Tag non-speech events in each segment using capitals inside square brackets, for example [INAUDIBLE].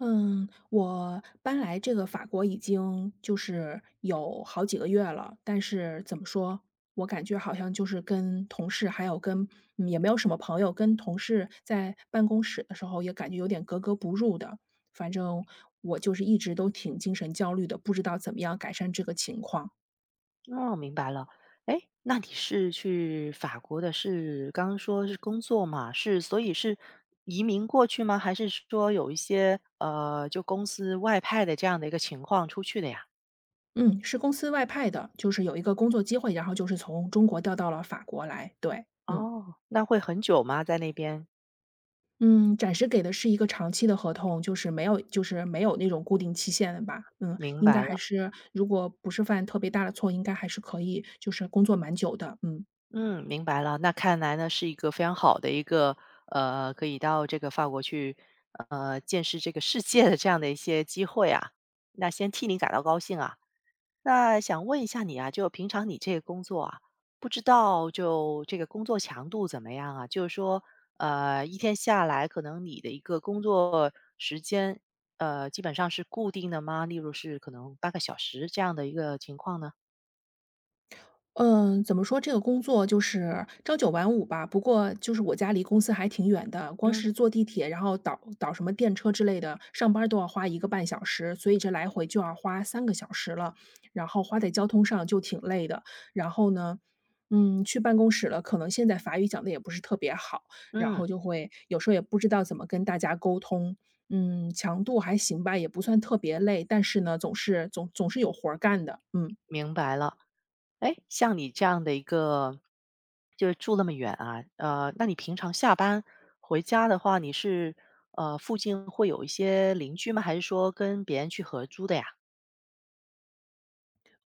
嗯，我搬来这个法国已经就是有好几个月了，但是怎么说，我感觉好像就是跟同事还有跟也没有什么朋友，跟同事在办公室的时候也感觉有点格格不入的，反正我就是一直都挺精神焦虑的，不知道怎么样改善这个情况。哦，明白了，诶？那你是去法国的是刚说是工作嘛，是所以是移民过去吗？还是说有一些，呃，就公司外派的这样的一个情况出去的呀？嗯，是公司外派的，就是有一个工作机会，然后就是从中国调到了法国来，对，嗯。哦，那会很久吗？在那边。嗯，暂时给的是一个长期的合同，就是没有就是没有那种固定期限的吧，嗯，明应该白还了。是如果不是犯特别大的错，应该还是可以就是工作蛮久的，嗯。嗯，明白了，那看来呢，是一个非常好的一个，呃，可以到这个法国去，呃，见识这个世界的这样的一些机会啊，那先替你感到高兴啊。那想问一下你啊，就平常你这个工作啊，不知道就这个工作强度怎么样啊？就是说，呃，一天下来，可能你的一个工作时间，呃，基本上是固定的吗？例如是可能8个小时这样的一个情况呢？嗯，怎么说，这个工作就是朝九晚五吧，不过就是我家离公司还挺远的，光嗯。是坐地铁，然后倒倒什么电车之类的，上班儿都要花1个半小时，所以这来回就要花3个小时了，然后花在交通上就挺累的。然后呢，嗯，去办公室了，可能现在法语讲得也不是特别好，然后嗯。就会有时候也不知道怎么跟大家沟通，嗯，强度还行吧，也不算特别累，但是呢，总是总总是有活儿干的，嗯。明白了，诶，像你这样的一个，就是住那么远啊呃，那你平常下班回家的话，你是，呃，附近会有一些邻居吗？还是说跟别人去合租的呀？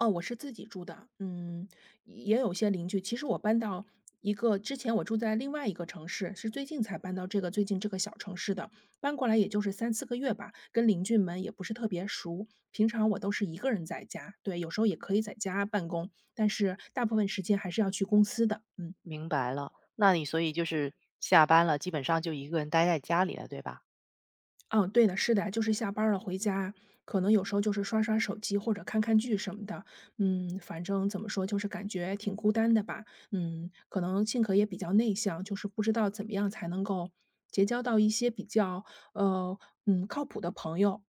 哦，我是自己住的，嗯，也有些邻居，其实我搬到一个之前我住在另外一个城市，是最近才搬到这个最近这个小城市的，搬过来也就是3-4个月吧，跟邻居们也不是特别熟，平常我都是一个人在家，对，有时候也可以在家办公，但是大部分时间还是要去公司的，嗯。明白了，那你所以就是下班了，基本上就一个人呆在家里了，对吧？嗯，对的，是的，就是下班儿了回家，可能有时候就是刷刷手机或者看看剧什么的。嗯，反正怎么说，就是感觉挺孤单的吧，嗯，可能性格也比较内向，就是不知道怎么样才能够结交到一些比较，呃，嗯，靠谱的朋友。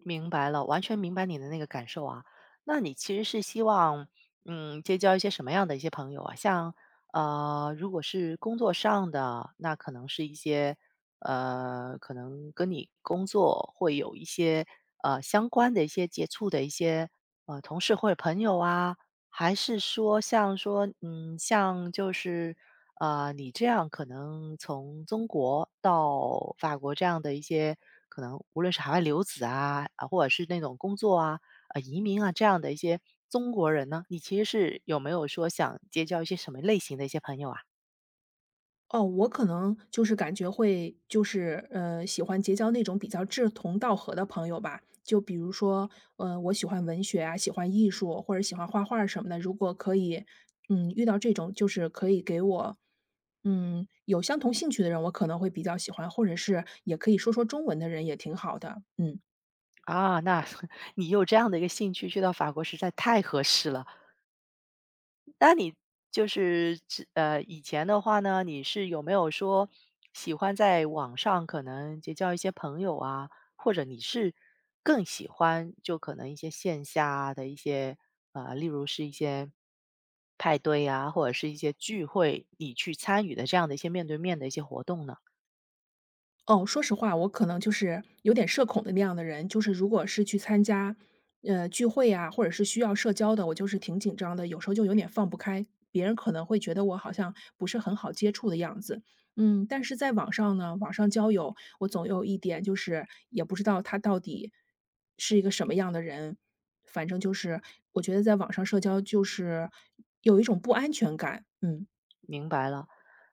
明白了，完全明白你的那个感受啊。那你其实是希望，嗯，结交一些什么样的一些朋友啊？像，呃，如果是工作上的，那可能是一些，呃，可能跟你工作会有一些，呃，相关的一些接触的一些，呃，同事或者朋友啊？还是说像说，嗯，像就是，呃，你这样可能从中国到法国这样的一些，可能无论是海外留子啊，啊，或者是那种工作啊，呃，移民啊，这样的一些中国人呢？你其实是有没有说想结交一些什么类型的一些朋友啊？哦，我可能就是感觉会就是，呃，喜欢结交那种比较志同道合的朋友吧。就比如说，呃，我喜欢文学啊，喜欢艺术或者喜欢画画儿什么的，如果可以，嗯，遇到这种就是可以给我，嗯，有相同兴趣的人，我可能会比较喜欢，或者是也可以说说中文的人也挺好的，嗯。啊，那 [CHUCKLES] 你有这样的一个兴趣，去到法国实在太合适了。那你就是，是呃，以前的话呢，你是有没有说，喜欢在网上可能结交一些朋友啊。或者你是更喜欢就可能一些线下的一些，呃，例如是一些派对啊，或者是一些聚会，你去参与的这样的一些面对面的一些活动呢？哦，说实话，我可能就是有点社恐的那样的人。就是如果是去参加，呃，聚会啊，或者是需要社交的，我就是挺紧张的，有时候就有点放不开。别人可能会觉得我好像不是很好接触的样子。嗯，但是在网上呢，网上交友，我总有一点就是也不知道他到底是一个什么样的人，反正就是，我觉得在网上社交就是有一种不安全感，嗯。明白了，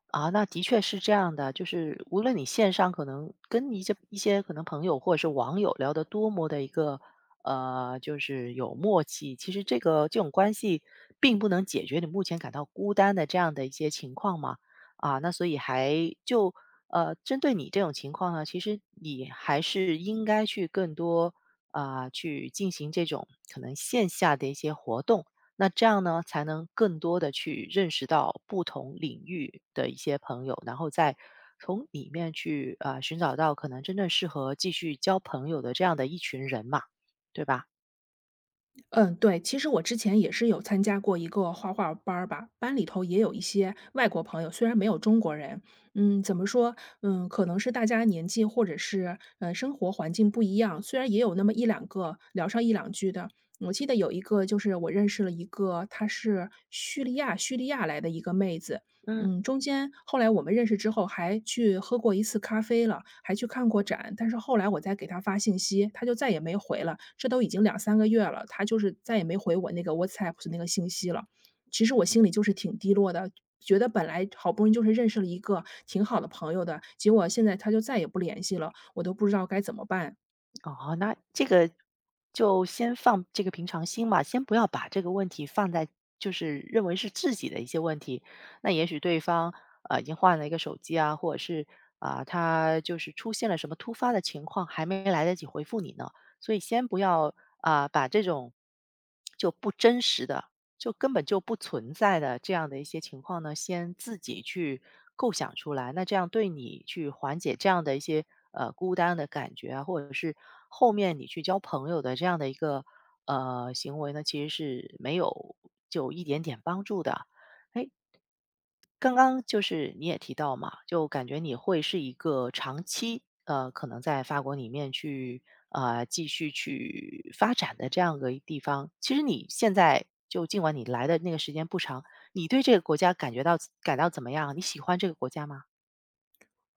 啊，那的确是这样的，就是无论你线上可能跟一些一些可能朋友或者是网友聊得多么的一个，呃，就是有默契，其实这个这种关系并不能解决你目前感到孤单的这样的一些情况嘛。啊，那所以还就呃，针对你这种情况呢，其实，你还是应该去更多，呃，去进行这种，可能线下的一些活动。那这样呢，才能更多地去认识到不同领域的一些朋友，然后再从里面去，呃，寻找到可能真正适合继续交朋友的这样的一群人嘛，对吧？嗯，对，其实我之前也是有参加过一个画画儿班儿吧，班里头也有一些外国朋友，虽然没有中国人，嗯，怎么说，嗯，可能是大家年纪或者是，呃，生活环境不一样，虽然也有那么一两个聊上一两句的。我记得有一个就是我认识了一个她是叙利亚叙利亚来的一个妹子。嗯。嗯，中间后来我们认识之后，还去喝过一次咖啡了，还去看过展。但是后来我再给她信息，她就再也没回了，这都已经2-3个月了，她就是再也没回我那个 WhatsApp 的那个信息了。其实我心里就是挺低落的，觉得本来好不容易就是认识了一个挺好的朋友的，结果现在她就再也不联系了，我都不知道该怎么办。哦，那这个就先放这个平常心吧，先不要把这个问题放在就是认为是自己的一些问题，那也许对方，呃，已经换了一个手机啊，或者是，啊，她就是出现了什么突发的情况，还没来得及回复你呢。所以先不要，啊，把这种 [SMACKS LIPS] 就不真实的，就根本就不存在的这样的一些情况呢，先自己去构想出来，那这样对你去缓解这样的一些，呃，孤单的感觉啊，或者是，后面你去交朋友的这样的一个，呃，行为呢，其实是没有就一点点帮助的。诶，刚刚就是你也提到嘛，就感觉你会是一个长期，呃，可能在法国里面去呃，继续去发展的这样个地方。其实你现在就尽管你来的那个时间不长，你对这个国家感觉到感到怎么样？你喜欢这个国家吗？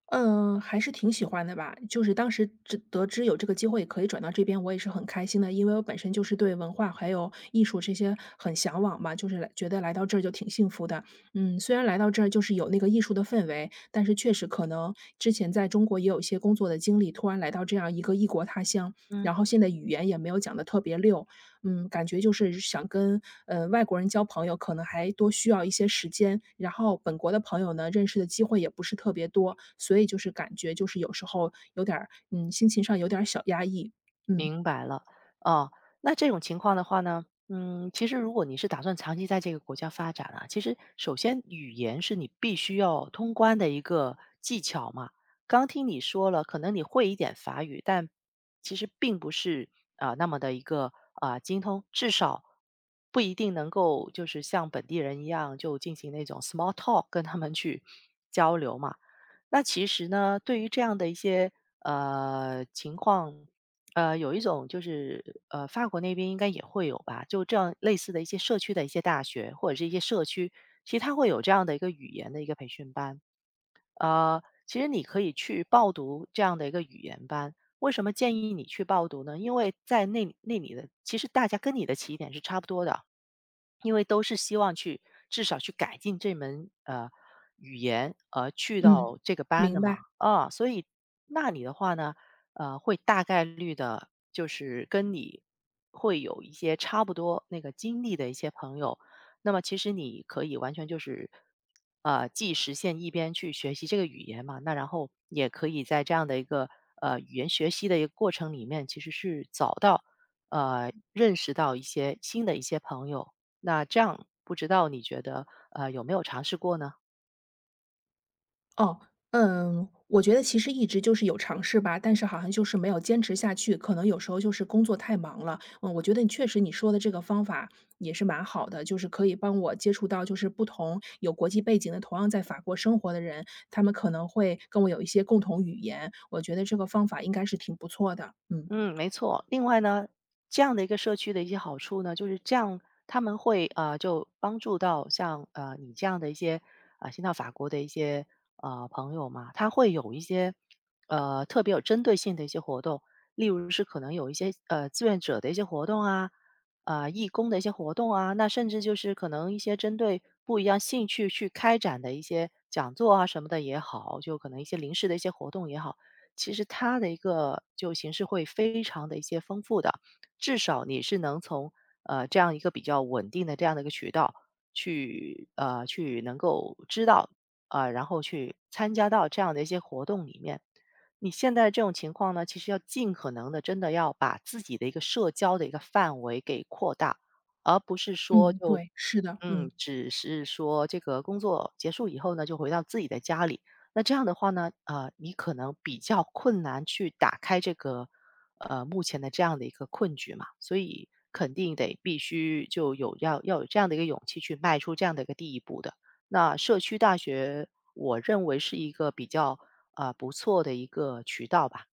嗯，还是挺喜欢的吧，就是当时知得知有这个机会可以转到这边，我也是很开心的。因为我本身就是对文化还有艺术这些很向往嘛，就是来觉得来到这儿就挺幸福的。嗯，虽然来到这儿就是有那个艺术的氛围，但是确实可能之前在中国也有一些工作的经历。突然来到这样一个异国他乡，嗯。然后现在语言也没有讲得特别溜，嗯，感觉就是想跟，呃，外国人交朋友，可能还多需要一些时间。然后本国的朋友呢，认识的机会也不是特别多，所以就是感觉就是有时候有点儿，嗯，心情上有点儿小压抑，嗯。明白了。啊，那这种情况的话呢，嗯，其实如果你是打算长期在这个国家发展啊，其实首先语言是你必须要通关的一个技巧嘛。刚听你说了，可能你会一点法语，但其实并不是，呃，那么地一个，呃，精通，至少不一定能够就是像本地人一样就进行那种 small talk 跟他们去交流嘛。那其实呢，对于这样的一些，呃，情况，呃，有一种就是，呃，法国那边应该也会有吧，就这类似的一些社区的一些大学或者是一些社区，其实它会有这样的一个语言的一个培训班。呃，其实你可以去报读这样的一个语言班，为什么建议你去报读呢？因为在那里那里的其实大家跟你的起点是差不多的。因为都是希望去，至少去改进这门，呃，语言，而去嗯，到这个班的明嘛。白。啊，所以那里的话呢，呃，会大概率的就是，跟你会有一些差不多那个经历的一些朋友，那么其实你可以完全就是，呃，既实现一边去学习这个语言嘛，那然后也可以在这样的一个，呃，语言学习的一个过程里面，其实是找到，呃，认识到一些新的一些朋友。那这样不知道你觉得，呃，有没有尝试过呢？哦，嗯，我觉得其实一直就是有尝试吧，但是好像就是没有坚持下去，可能有时候就是工作太忙了。嗯，我觉得你确实你说的这个方法也是蛮好的，就是可以帮我接触到就是不同有国际背景的，同样在法国生活的人，他们可能会跟我有一些共同语言。我觉得这个方法应该是挺不错的，嗯。嗯，没错。另外呢，这样的一个社区的一些好处呢，就是这样，他们会，呃，就帮助到，像，呃，你这样的一些，呃，先到法国的一些，呃，朋友嘛。它会有一些，呃，特别有针对性的一些活动，例如是可能有一些呃，志愿者的一些活动啊，呃，义工的一些活动啊，那甚至就是可能一些针对不一样兴趣去开展的一些讲座啊，什么的也好，就可能一些临时的一些活动也好。其实它的一个就形式会非常得一些丰富的，至少你是能从，呃，这样一个比较稳定的这样的一个渠道去呃，去能够知道，呃，然后去参加到这样的一些活动里面。你现在的这种情况呢，其实要尽可能地真的要把自己的一个社交的一个范围给扩大，而不是说嗯，就，对，是的，嗯，嗯。只是说这个工作结束以后呢，就回到自己的家里。那这样的话呢，呃，你可能比较困难去打开这个，呃，目前的这样的一个困局嘛，所以肯定得必须就有，要要有这样的一个勇气去迈出这样的一个第一步的。那社区大学，我认为是一个比较，呃，不错的一个渠道吧。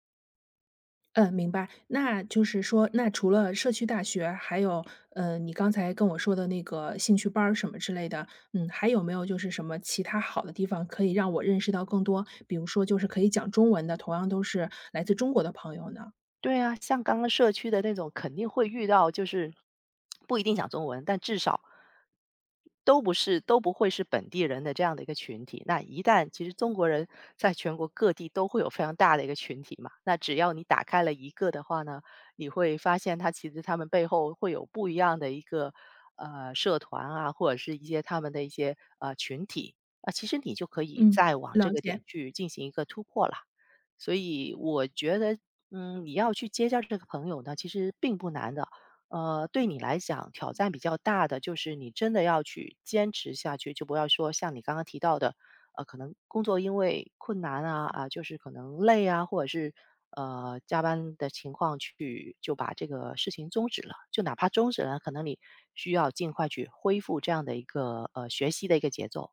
嗯，明白。那就是说那除了社区大学，还有，呃，你刚才跟我说的那个兴趣班儿什么之类的，嗯，还有没有就是什么其他好的地方可以让我认识到更多，比如说就是可以讲中文的，同样都是来自中国的朋友呢？对啊，像刚刚社区的那种肯定会遇到，就是不一定讲中文，但至少，都不是都不会是本地人的这样的一个群体。那一旦其实中国人在全国各地都会有非常大的一个群体嘛，那只要你打开了一个的话呢，你会发现他其实他们背后会有不一样的一个，呃，社团啊，或者是一些他们的一些，呃，群体，呃，其实你就可以嗯，再往这了个点解。去进行一个突破了。所以我觉得，嗯，你要去结交这个朋友呢，其实并不难的，呃，对你来讲，挑战比较大的就是你真的要去坚持下去，就不要说像你刚刚提到的，呃，可能工作因为困难啊，啊，就是可能累啊，或者是，呃，加班的情况去就把这个事情终止了，就哪怕终止了，可能你需要尽快去恢复这样的一个，呃，学习的一个节奏。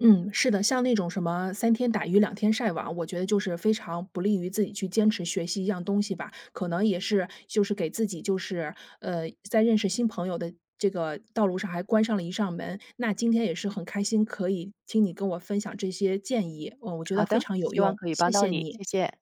嗯，是的，像那种什么三天打鱼两天晒网，我觉得就是非常不利于自己去坚持学习一样东西吧。可能也是就是给自己就是，呃，在认识新朋友的这个道路上还关上了一扇门。那今天也是很开心，可以听你跟我分享这些建议，呃，我觉好得非的，常有希望用，可以谢帮到谢你，你。谢谢。